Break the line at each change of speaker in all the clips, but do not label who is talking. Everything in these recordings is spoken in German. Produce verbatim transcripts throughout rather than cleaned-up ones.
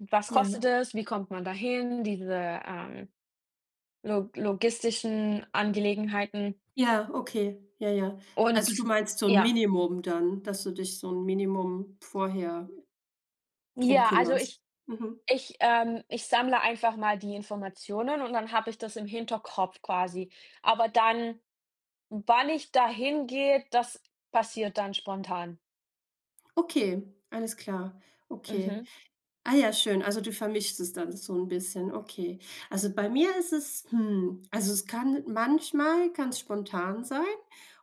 Was kostet
Ja.
das? Wie kommt man dahin? Diese, ähm, log logistischen Angelegenheiten.
Ja, okay, ja, ja. Also, du
Und
meinst so 'n
ja.
Minimum dann, dass du dich so 'n Minimum vorher drum
Ja, also, ich
kümmerst? Mhm.
ich, ähm ich sammle einfach mal die Informationen und dann habe ich das im Hinterkopf quasi. Aber dann, wann ich da hingehe, das passiert dann spontan.
Okay, alles klar. Okay.
Mhm.
Ah ja, schön. Also, du vermischst es dann so 'n bisschen. Okay. Also bei mir ist es, hm also, es kann manchmal kann es spontan sein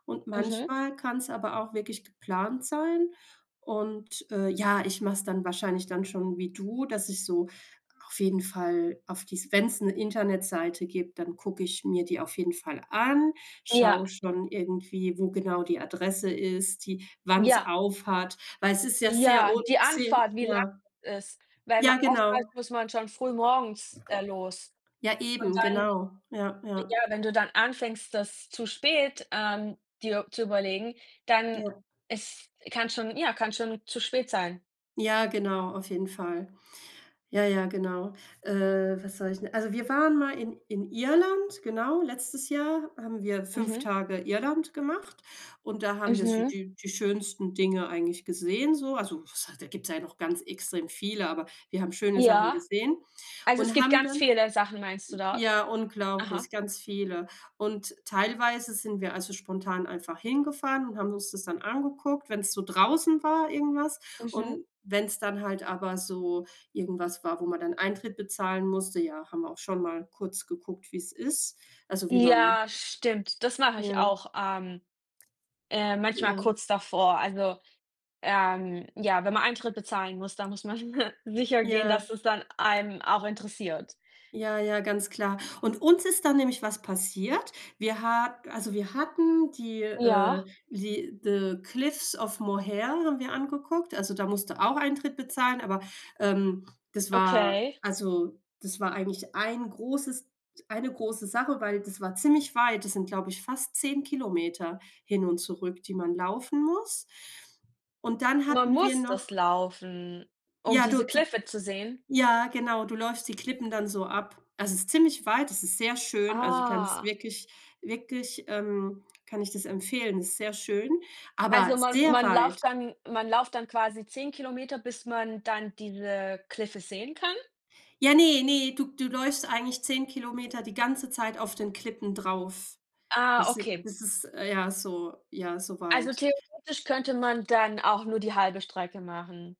und
Mhm.
manchmal kann es aber auch wirklich geplant sein. Und, äh, ja, ich mach es dann wahrscheinlich dann schon wie du, dass ich so auf jeden Fall auf die wenn es 'ne Internetseite gibt, dann gucke ich mir die auf jeden Fall an,
Ja.
schau schon irgendwie, wo genau die Adresse ist, die wann es
Ja.
auf hat, weil es ist ja sehr
Ja,
un
die
se
Anfahrt, wie lang
ja.
das ist. Weil man
Ja,
oft halt,
genau.
muss man schon früh morgens, äh, los.
Ja,
Und
eben,
dann
genau. Ja, ja.
ja, wenn du dann anfängst, das zu spät, ähm, dir zu überlegen, dann
Ja.
ist kann schon ja, kann schon zu spät sein.
Ja genau, auf jeden Fall. Ja, ja, genau. Äh, was wollte ich denn? Also, wir waren mal in in Irland, genau. Letztes Jahr haben wir fünf
Mhm.
Tage Irland gemacht und da haben wir so
Mhm.
die die schönsten Dinge eigentlich gesehen, so. Also, was hei da gibt es ja noch ganz extrem viele, aber wir haben schöne Sachen
Ja.
gesehen
Also, es
und
gibt
haben
ganz
dann
viele Sachen, meinst du
j
dort?
ja,
Aha.
unglaublich, ganz viele. Und teilweise sind wir, also, spontan einfach hingefahren und haben uns das dann angeguckt, wenn es so draußen war irgendwas.
Mhm.
Und wenn es dann halt aber so irgendwas war, wo man dann Eintritt bezahlen musste, ja, haben wir auch schon mal kurz geguckt, wie es ist, also, wie man
Ja stimmt. Das mache ich
Ja.
auch, ähm, äh, manchmal
Ja.
kurz davor. Also, ähm, ja, wenn man Eintritt bezahlen muss, dann muss man sichergehen, dass
Ja.
das dann einen auch interessiert.
Ja, ja, ganz klar. Und uns ist dann nämlich was passiert. Wir ha also, wir hatten die, äh,
Ja.
die The Cliffs of Moher haben wir angeguckt, also, da musst du auch Eintritt bezahlen, aber, ähm, das war
Okay.
also, das war eigentlich ein großes eine große Sache, weil das war ziemlich weit. Das sind, glaube ich, fast zehn Kilometer hin und zurück, die man laufen muss. Und dann
Man
hatten wir
muss das
noch
laufen, um
ja,
diese
du
Kliffe zu sehen?
ja, genau, du läufst die Klippen dann so ab. Also, es ist ziemlich weit. Es ist sehr schön. Also, ich kann es
Ah.
wirklich wirklich, ähm kann ich das empfehlen. Es ist sehr schön, aber
Also man
sehr
man
weit.
lauft dann man lauft dann quasi zehn Kilometer, bis man dann diese Kliffe sehen kann?
Ja, ne, ne, du du läufst eigentlich zehn Kilometer die ganze Zeit auf den Klippen drauf.
Ah,
Das is
okay.
das ist, ja so ja, so
Also,
weit.
theoretisch könnte man dann auch nur die halbe Strecke machen.